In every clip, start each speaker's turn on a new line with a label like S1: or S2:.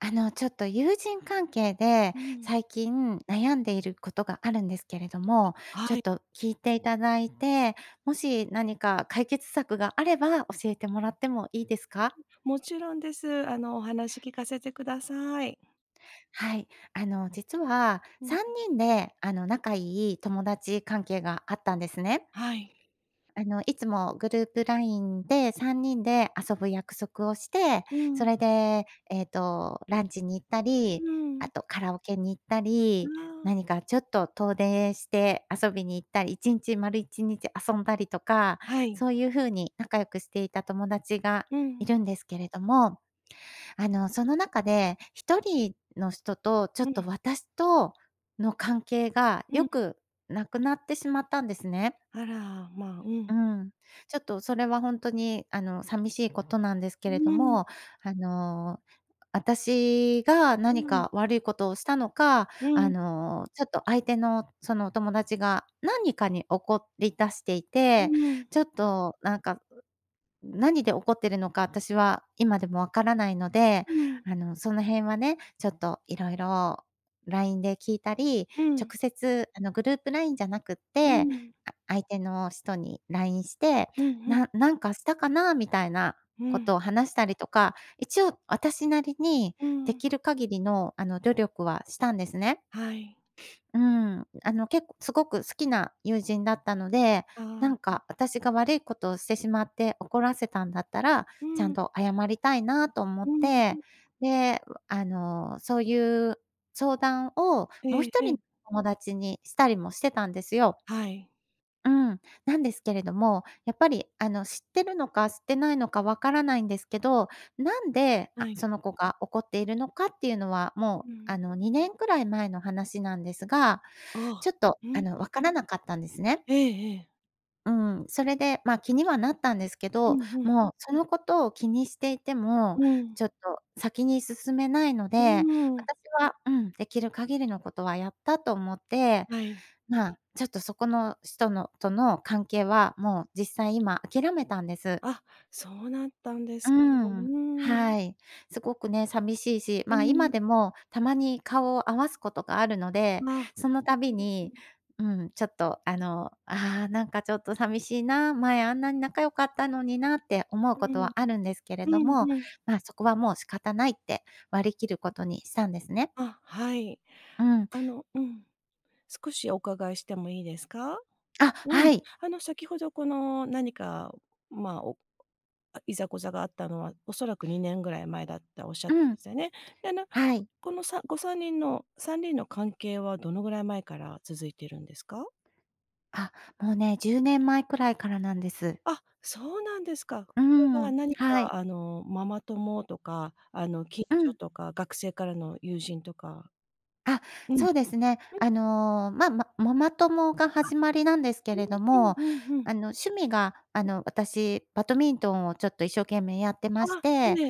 S1: あの、ちょっと友人関係で
S2: うん。
S1: 最近悩んでいることがあるんですけれども、
S2: は
S1: ちょっ
S2: い。
S1: と聞いていただいて、もし何か解決策があれば教えてもらってもいいですか？
S2: うん、もちろんです。あのお話聞かせてください。
S1: はい。あの実は、
S2: うん。
S1: 3人で、あの仲いい友達関係があったんですね。
S2: はい。
S1: あの、いつもグループラインで3人で遊ぶ約束をして、
S2: う
S1: そ
S2: ん。
S1: れで、ええと、ランチに行った
S2: う
S1: り、
S2: ー
S1: あ
S2: ん。
S1: とカラオケに行った
S2: あ
S1: り、
S2: あ。
S1: 何かちょっと遠出して遊びに行ったり、1日、丸1日遊んだりとか、
S2: はい。
S1: そういうふうに仲良くしていた友達が
S2: う
S1: い
S2: ん。
S1: るんですけれども、あのその中で、1人の人とちょっ
S2: う
S1: と
S2: ん。
S1: 私との関係が
S2: う
S1: 良
S2: ん。
S1: くなくなってしまったんですね。
S2: あら、ま、う
S1: う
S2: ん。
S1: ん、ちょっとそれは本当にあの寂しいことなんです
S2: う
S1: けれど
S2: ーん。
S1: も、あの、あたしが
S2: う
S1: 何
S2: ん。
S1: か悪いことをしたのか、
S2: う
S1: あ
S2: ん。
S1: の、ちょっと相手のそのお友達が何かに怒り出してい
S2: う
S1: て、
S2: ん。
S1: ちょっとなんか、う、何で怒っているのか私は今でもわからないので、
S2: うん。
S1: あのその辺はね、ちょっといろいろラインで聞いたり、
S2: うん。
S1: 直接あのグループラインじゃなくっ
S2: う
S1: て、
S2: ん。
S1: あ相手の人にラインして、
S2: うんうん。
S1: ななんかしたかなみたいな
S2: う
S1: こ
S2: ん。
S1: とを話したりとか、一応私なりに
S2: う
S1: で
S2: ん。
S1: きる限りの、あの努力はしたんですね。
S2: はい。
S1: うん、あの結構、すごく好きな友人だったので、
S2: あ
S1: なん
S2: あ、ん。
S1: かあたしが悪いことをしてしまって怒らせたんだったら、
S2: う
S1: ちゃん
S2: ん。
S1: と謝りたいなと思っ
S2: うん、う。
S1: て、で、あの、そういう相談を
S2: え
S1: もう
S2: え
S1: ひと
S2: え
S1: り
S2: え。
S1: の友達にしたりもしてたんですよ。
S2: はい。
S1: うん、なんですけれども、やっぱりあの知ってるのか知ってないのかわからないんですけど、なんで、
S2: は
S1: あ、
S2: い。
S1: その子が怒っているのかっていうのは、
S2: う
S1: もうあ
S2: ん。
S1: の2年くらい前の話なんですが、ち
S2: あ
S1: ょ
S2: あ、
S1: っと
S2: う
S1: あの
S2: ん。
S1: わからなかったんですね。
S2: ええええ。
S1: うん、それで、ま、気にはなったんですけ
S2: う
S1: ど、
S2: んうん。
S1: もうそのことを気にしていても、
S2: うん。
S1: ちょっと先に進めないの
S2: う
S1: で、
S2: ーん。
S1: 私はうん、できる限りのことはやったと思って、
S2: はい。
S1: ま、ちょっとそこの人のとの関係はもう実際今諦めたんです。
S2: あ、そうなったんで
S1: う
S2: す、う
S1: ん、
S2: ーん。
S1: はい。すごくね、寂しいし、
S2: う
S1: ま、今
S2: ん。
S1: でもたまに顔を合わすことがあるので、
S2: まあ
S1: そのた
S2: う
S1: び
S2: ん-う
S1: に、
S2: ん。
S1: うん、ちょっと、あの、ああなんかちょっと寂しいな、前あんなに仲良かったのになって思う
S2: う
S1: こ
S2: ん、
S1: とはあ
S2: う
S1: るんですけれども、
S2: んうん。
S1: ま、そこはもう仕方ないって割り切ることにしたんですね。
S2: あ、はい。
S1: うん。
S2: あの、うん。少しお伺いしてもいいですか？
S1: あ、
S2: うん。
S1: はい。
S2: あの、先ほどこの何か、ま、おあ、いざこざがあったのは、おそらく2年ぐらい前だったおっしゃっ
S1: うん。
S2: せね。でな、
S1: はい。
S2: このさご3人の3人の関係はどのぐらい前から続いてるんですか？
S1: あ、もうね10年前くらいからなんです。
S2: あ、そうなんですか。
S1: う
S2: それは
S1: ん、
S2: 何か、
S1: はい。
S2: あの、ママ友とか、あの、近
S1: う
S2: 所
S1: ん。
S2: とか学生からの友人とか。
S1: あ、
S2: うん、
S1: そうですね。
S2: うん。
S1: あのま、ま、ママ友が
S2: あ、
S1: 始まりなんですけ
S2: う
S1: れど
S2: んうん
S1: も、
S2: うんうん。
S1: あの、趣味が、あの、私バドミントンをちょっと一生懸命やってまし
S2: あ、え
S1: て。
S2: え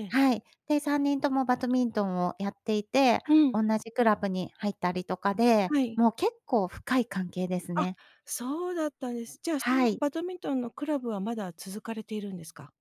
S2: ええ。
S1: はい。で、3人ともバドミントンをやっていて、
S2: うん。
S1: おんなじクラブに入ったりとかで、
S2: はい。
S1: もう結構深い関係です
S2: あ。
S1: ね。
S2: そうだったんです。じゃあその
S1: はい。
S2: バドミントンのクラブはまだ続かれているんですか？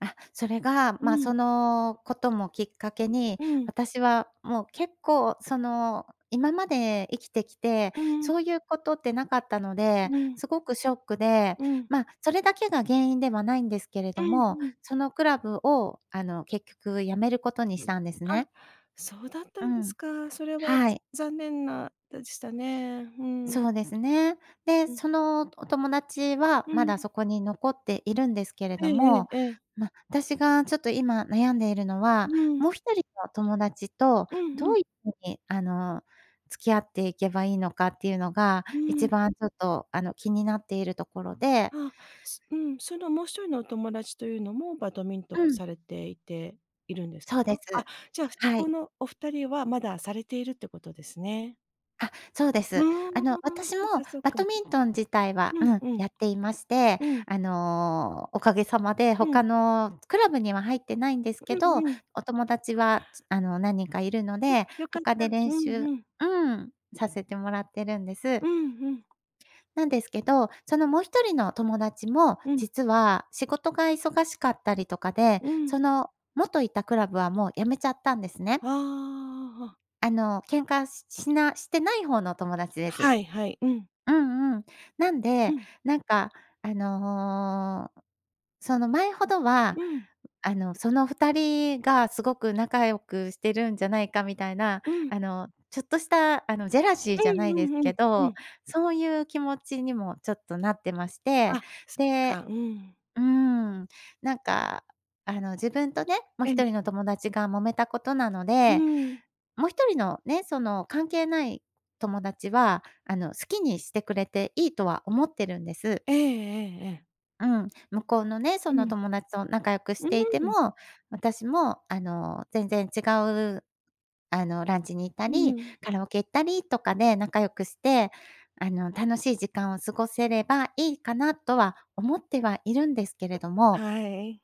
S1: あ、それが、
S2: う
S1: ま、
S2: ん。
S1: そのこともきっかけに、
S2: うん。
S1: 私はもう結構その今まで生きてきて、
S2: うん。
S1: そういうことってなかったので、
S2: うん。
S1: すごくショックで、
S2: うん。
S1: ま、それだけが原因ではないんですけれ
S2: う
S1: ど
S2: ん
S1: も、
S2: うん。
S1: そのクラブをあの結局辞めることにしたんです
S2: あ、
S1: ね。
S2: そうだった
S1: う
S2: んで
S1: ん、
S2: すか。それは
S1: はい。
S2: ざ残念なでしたね。うん。
S1: そうですね。で、
S2: うん。
S1: そのお友達は
S2: う
S1: ま
S2: ん。
S1: だそこに残っているんですけれど
S2: え
S1: も、
S2: ええ。
S1: ま、私がちょっと今悩んでいるのは、
S2: うん。
S1: もう1人の友達と
S2: うん
S1: ど
S2: う
S1: う
S2: ん。
S1: ういうふうにあの付き合っていけばいいのかっていうのが
S2: う
S1: い
S2: ん。
S1: ちばんちょっと、あの、気になっているところで。
S2: あ、すうん、そのもう1人のお友達というのもバドミントン
S1: うん。
S2: されていているんです
S1: そ
S2: か？
S1: うで
S2: あ、
S1: す。
S2: じゃあそ
S1: は
S2: こ
S1: い。
S2: のお2人はまだされているってことですね。
S1: あ、そうで
S2: あ
S1: す。あの、
S2: あ、
S1: 私も
S2: そっかそっ
S1: バド
S2: か。
S1: ミントン自体は、
S2: う
S1: う
S2: ん
S1: ん、
S2: うん。
S1: やっていまして。
S2: うん。
S1: あの、おかげさまで
S2: うん。
S1: 他のクラブには入ってないんです
S2: う
S1: け
S2: ん
S1: ど、
S2: うん。
S1: お友達はちあの、何人かいるの
S2: うん、
S1: で、
S2: 良かっ
S1: 他
S2: た。
S1: で
S2: う
S1: 練
S2: ん
S1: 習
S2: うん。
S1: うん、させてもらってるんです。
S2: うんうん。
S1: なんですけど、そのもう1人の友達も
S2: うん。
S1: 実は仕事が忙しかったりとかで、
S2: うん。
S1: その元いたクラブはもう辞めちゃったんですね。
S2: ああ、ああああ。
S1: あの、喧嘩ししなしてない方の友達です。
S2: はいはい。うん。
S1: うんうん。なん
S2: う
S1: で、
S2: ん。
S1: なんかあの、その前ほどは
S2: うん。
S1: あの、その2人がすごく仲良くしてるんじゃないかみたいな、
S2: うん。
S1: あの、ちょっとしたあの、ジェラシー
S2: う
S1: じゃな
S2: ん
S1: い
S2: う
S1: で
S2: ん
S1: す
S2: うん。
S1: け
S2: う
S1: ど、
S2: ん。
S1: そういう気持ちにもちょっとなってまして。
S2: あ、そっ
S1: で
S2: か。うん。
S1: うーん、なんかあの自分とね、もう
S2: え
S1: ひと
S2: え。
S1: りの友達が揉めたことなの
S2: うー
S1: で、
S2: ん。
S1: もう1人のね、その関係ない友達はあの、好きにしてくれていいとは思ってるんです。
S2: ええええええ。
S1: うん、向こうのね、そ
S2: う
S1: の
S2: ん。
S1: 友達と仲良くし
S2: うー
S1: ていて
S2: ん。
S1: も、私も、あの、全然違う、あの、ランチに行った
S2: う
S1: り、
S2: ん。
S1: カラオケ行ったりとかで仲良くして、あの、楽しい時間を過ごせればいいかなとは思ってはいるんですけれども
S2: はい。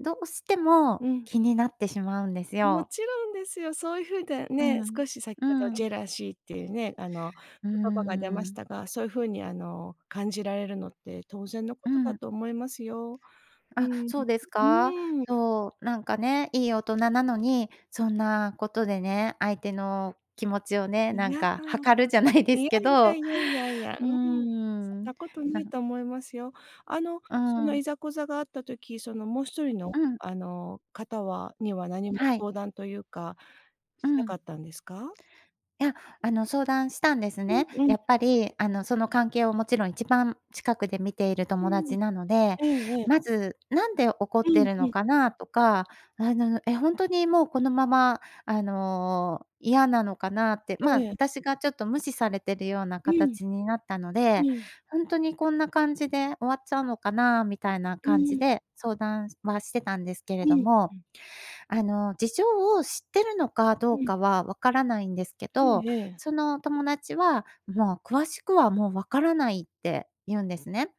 S1: どうして
S2: う
S1: も
S2: ん。
S1: 気になってしまうんです
S2: も
S1: よ。
S2: ちろんですよ。そういう風だ
S1: う
S2: ね、
S1: ん。
S2: 少し先ほど
S1: う
S2: ジ
S1: ん。
S2: ェラシーっていうね、あの、
S1: うー
S2: 言葉が出まし
S1: ん。
S2: たが、そういう風にあの、感じられるのって当然のこ
S1: う
S2: とだ
S1: ん。
S2: と思いますよ。う
S1: あ、
S2: ん。う
S1: そうですか？
S2: ーん。
S1: そうなんかね、いい大人なのにそんなことでね、相手の気持ちをね、
S2: い
S1: なん
S2: や、
S1: か
S2: かなく、
S1: 測るじゃないで
S2: い
S1: す
S2: や
S1: け
S2: いや
S1: ど、
S2: いやいやいや、
S1: う
S2: う
S1: ー
S2: ーん、そん
S1: ん。
S2: なこと
S1: な
S2: ない
S1: ん
S2: と思いますよ。あの、
S1: うー
S2: その
S1: ん。
S2: いざこざがあった時、そのもう一人の、
S1: うん。
S2: あの、方はには何も
S1: はい。
S2: 相談というか
S1: う
S2: しな
S1: ん。
S2: かったんですか？
S1: いや、あの相談したんです
S2: う
S1: ね。
S2: んうん。
S1: やっぱり、あのその関係をもちろん一番近くで見ている
S2: う
S1: 友
S2: ーん、え
S1: 達なので、
S2: えええ。
S1: 「まず何で怒っ
S2: う
S1: てい
S2: ん、
S1: る
S2: う
S1: の
S2: ん。
S1: かな？」とか、「あの、え、ほんとにもうこのまま、あの、嫌なのかな？」って、まあ、
S2: ええ。
S1: 私がちょっと無視されてるような
S2: うん。
S1: 形になったので、
S2: うん。
S1: 「ほんとにこんな感じで終わっちゃうのかな？」みたいな
S2: う
S1: 感じ
S2: ん。
S1: で相談はしてたんですけれ
S2: う
S1: ど
S2: ん。
S1: も。
S2: うん。
S1: あの、事情を知ってるのかど
S2: う
S1: う
S2: ん。
S1: かは分からないんですけ
S2: え
S1: ど、
S2: えええ。
S1: その友達は「もう詳しくはもう分からない」って言うんですね。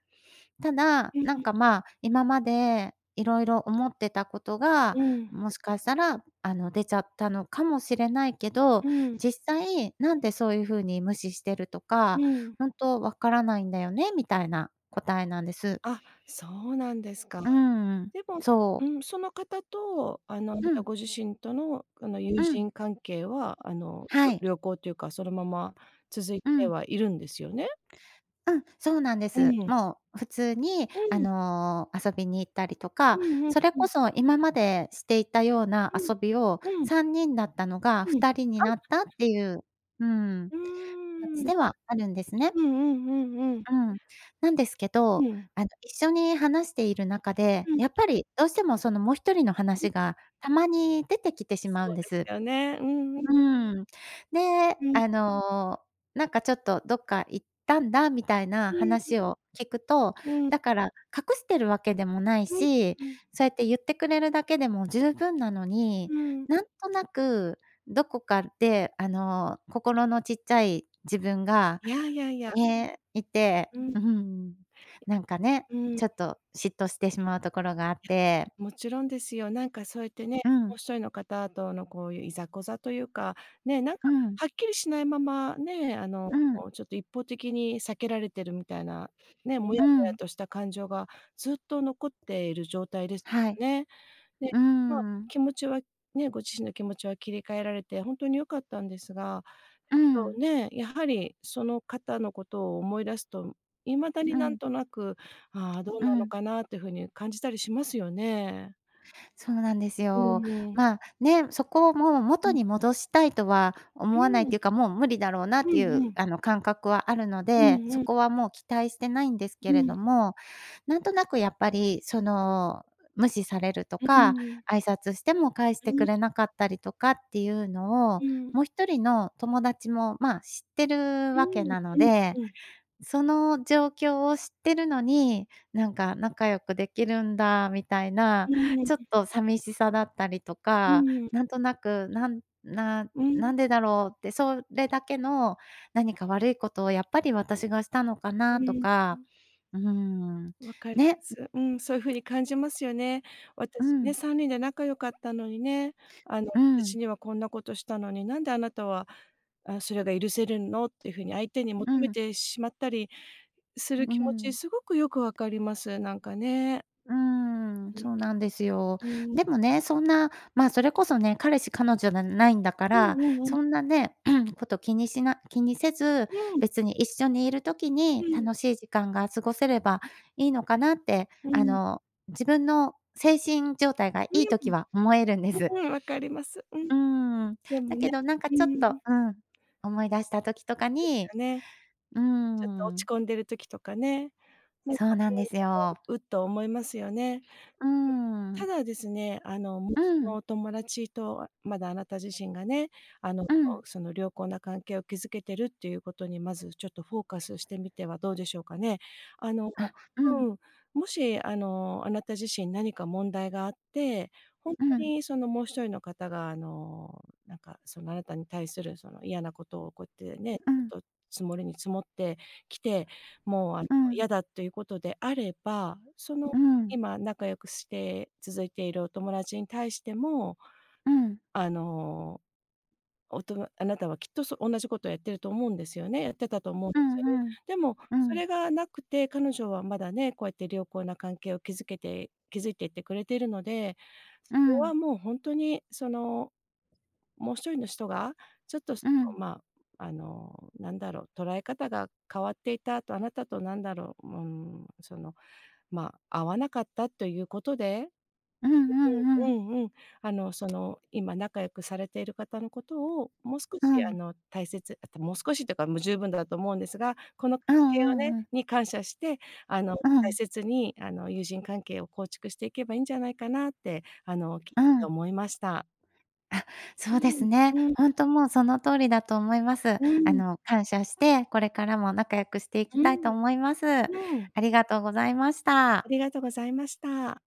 S1: ただ
S2: う
S1: なん
S2: ん。
S1: かまあ、今まで色々、思ってたことが
S2: うん。
S1: もしかしたら、あの、出ちゃったのかもしれないけど、
S2: うん。うん。
S1: 実際なんでそういう風に無視してると
S2: う
S1: か、
S2: ん。
S1: 「ほんとわからないんだよね」、みたいな答えなんです。
S2: あ、そうなんですか。
S1: うーん、
S2: でも、
S1: そう。
S2: うん、その方と、あの、あな
S1: う
S2: た
S1: ん。
S2: ご自身との、あの、友
S1: うん。
S2: 人関係は、あの、
S1: はい。
S2: りょ良好というか、そのまま続い
S1: う
S2: て
S1: ん。
S2: はいるんですよね？
S1: うん、そうなんで
S2: う
S1: す。
S2: ん。
S1: もう普通に、
S2: う
S1: あ
S2: ん。
S1: の、遊びに行ったりと
S2: う
S1: か、
S2: んうん
S1: それ
S2: う
S1: こ
S2: ん。
S1: そ今までしていたような
S2: う
S1: 遊
S2: ん。
S1: びを
S2: うん。
S1: 3人だったのが
S2: う
S1: ふ
S2: ん、
S1: たりに
S2: あ。
S1: なったっていう、うん、
S2: うー
S1: 感じ
S2: ん。
S1: ではあるんですね。
S2: うんうんうんうん。
S1: うん、なんですけ
S2: う
S1: ど、
S2: ん。
S1: あの、一緒に話している中で、
S2: うん。
S1: やっぱりどうしてもそのもう一人の
S2: うん。
S1: 話がたまに出てきてしまう
S2: そ
S1: ん
S2: う
S1: で
S2: で
S1: す。
S2: すよね。うんうん。
S1: うーん。で、
S2: うん。
S1: あのなんかちょっとどっか行ったんだみたいな
S2: うん。
S1: 話を聞くと、
S2: うん。
S1: だから隠してるわけでもない
S2: うん。
S1: し、
S2: うん。
S1: そうやって言ってくれるだけでも十分なのに、
S2: うん。
S1: なんとなくどこかで、あの、心のちっちゃい自分が、
S2: いやいやいや。
S1: ね、いて
S2: うん。
S1: うん、なんかね、
S2: うん。
S1: ちょっと嫉妬してしまうところがあっ
S2: [unintelligible]
S1: て。
S2: もちろんですよ。なんかそうやってね、
S1: う
S2: も
S1: ん。
S2: う一人の方とのこういう、いざこざというか、ね、なん
S1: う
S2: か、
S1: ん。
S2: はっきりしないまま、ね、あの、
S1: うん。
S2: ちょっと一方的に避けられてるみたいな、ね、もや
S1: う
S2: もや
S1: ん。
S2: とした感情がずっと残っている状態です
S1: はい。
S2: ね。で、
S1: うー
S2: まあ、
S1: ん。
S2: 気持ちはねご自身の気持ちは切り替えられて、本当に良かったんですが、
S1: う
S2: そ
S1: ん。
S2: うね、やはりその方のことを思い出すと、未だに
S1: う
S2: 何
S1: ん。
S2: となく、「ああ、どう
S1: う
S2: なの
S1: ん。
S2: かな？」っていう風に感じたりしますよね。
S1: そうなんです
S2: う
S1: よ。
S2: わ。
S1: まあね、そこをもう
S2: う
S1: 元
S2: ん。
S1: に戻したいとは
S2: う
S1: 思わないっ
S2: ーん。
S1: ていうかもう無理だろうなっ
S2: う
S1: てい
S2: んう
S1: う、
S2: ん。
S1: あの、感覚はあるの
S2: うん
S1: で、そ
S2: うん。
S1: こはもう期待してないんですけ
S2: う
S1: れ
S2: ん。
S1: ども、なんとなくやっぱり、その無視されると
S2: うー
S1: か
S2: ん。
S1: 挨拶しても返し
S2: う
S1: てく
S2: ん。
S1: れなかったりとかっていうのを、
S2: うん。
S1: もう一人の友達も、まあ、知ってる
S2: う
S1: わけ
S2: ん
S1: なの
S2: うん
S1: で、
S2: うん。
S1: その状況を知ってるのになんか仲良くできるんだみたいな、
S2: うー
S1: ちょっ
S2: ん。
S1: と寂しさだったりと
S2: う
S1: か、
S2: ーん。
S1: なんとなく、なんな
S2: う
S1: な
S2: ん。
S1: んでだろうってそれだけの何か悪いことをやっぱり私がしたのか
S2: う
S1: なと
S2: ん。う
S1: か、
S2: ん。
S1: うーん、
S2: 分かりま
S1: ね。
S2: す。うん、そういう風に感じますよね。
S1: う
S2: 「私ね、
S1: ん。
S2: 3人で仲良かったのにねあの、
S1: うん。
S2: 私にはこんなことしたのに、なんであなたは、あ、それが許せるの？」っていう風に相手に
S1: う
S2: 求め
S1: ん。
S2: てしまったりする
S1: う
S2: 気持ち
S1: ん。
S2: すごくよく分かります。なんかね。
S1: うーん、
S2: うん。
S1: そうなんですよ。
S2: うーん。
S1: でもね、そんな、まあ、それこそね、彼氏彼女じゃないんだか
S2: う
S1: ら、
S2: んうんうん。
S1: そんなね こと気にしな気にせず、
S2: うん。
S1: 別に一緒にいる時
S2: う
S1: に
S2: ん。
S1: 楽しい時間が過ごせればいいのかなって、
S2: う
S1: あ
S2: ん。
S1: の、自分の精神状態がい
S2: う
S1: い
S2: ん。
S1: 時は思えるんです。
S2: うーん、分かります。うん。
S1: うーん、
S2: でも
S1: だけ
S2: ね、
S1: どなんか
S2: う
S1: ちょっ
S2: ー
S1: と
S2: ん。
S1: うん、思い出した時とか
S2: そうです
S1: に。
S2: よね。
S1: うー
S2: ちょっと落
S1: ん。
S2: ち込んでる時とかね、なんか
S1: そうな
S2: ね、
S1: んです
S2: あの、
S1: よ。
S2: うっと思いますよね。
S1: うー
S2: た
S1: ん。
S2: だですね、あの、もう
S1: う
S2: そ
S1: ん。
S2: のお友達とはまだあなた自身がね、あのそ
S1: うん。
S2: のその、良好な関係を築けてるっていうことにまずちょっとフォーカスしてみてはどうでしょうかね。あの、
S1: あ、う
S2: う
S1: ん。
S2: ん、もしあの、あなた自身何か問題があって、ほんと
S1: うん。
S2: にそのもう一人の方があの、なんかそのあなたに対するその嫌なことをこってね、
S1: う
S2: ず
S1: ん。
S2: っと積もりに積もってきて、もうあの
S1: うん。
S2: 嫌だということであれば、その
S1: うん。
S2: 今仲良くして続いているお友達に対しても、
S1: うん。
S2: あの、おとなあなたはきっとそ同じことをやってると思うんですよねやってたと思うんで
S1: う
S2: すよね。
S1: んうん。
S2: でも、
S1: う
S2: そ
S1: ん。
S2: れがなくて、彼女はまだね、こうやって良好な関係を築けて築いていってくれているので、
S1: う
S2: それは
S1: ん。
S2: もうほんとにその、もう一人の人が、ちょっとそ
S1: うん。
S2: の、まあ、あのなんだろう、捉え方が変わっていたとあなたと何だろう、うーん、その、まあ、合わなかったということで、
S1: うんうんう
S2: う
S1: ん。
S2: んうんうん。あの、その、今仲良くされている方のことを、もう少
S1: う
S2: しあ
S1: ん。
S2: の、大切あともう少しというかもう十分だと思うんですが、この関
S1: うん
S2: 係を
S1: う
S2: ね
S1: んうん。
S2: に感謝して、あの、
S1: う
S2: 大
S1: ん。
S2: 切にあの友人関係を構築していけばいいんじゃないかなって、あのきっ
S1: う
S2: て
S1: ん。
S2: 思いました。
S1: あ、
S2: う
S1: そうで
S2: ん、
S1: すね。
S2: うん。
S1: ほんともうその通りだと思います。
S2: う
S1: あ
S2: ん。
S1: の、感謝してこれからも仲良くしていき
S2: う
S1: たいと
S2: ん、
S1: 思います。あ
S2: うん。
S1: りがとうございました。
S2: ありがとございました。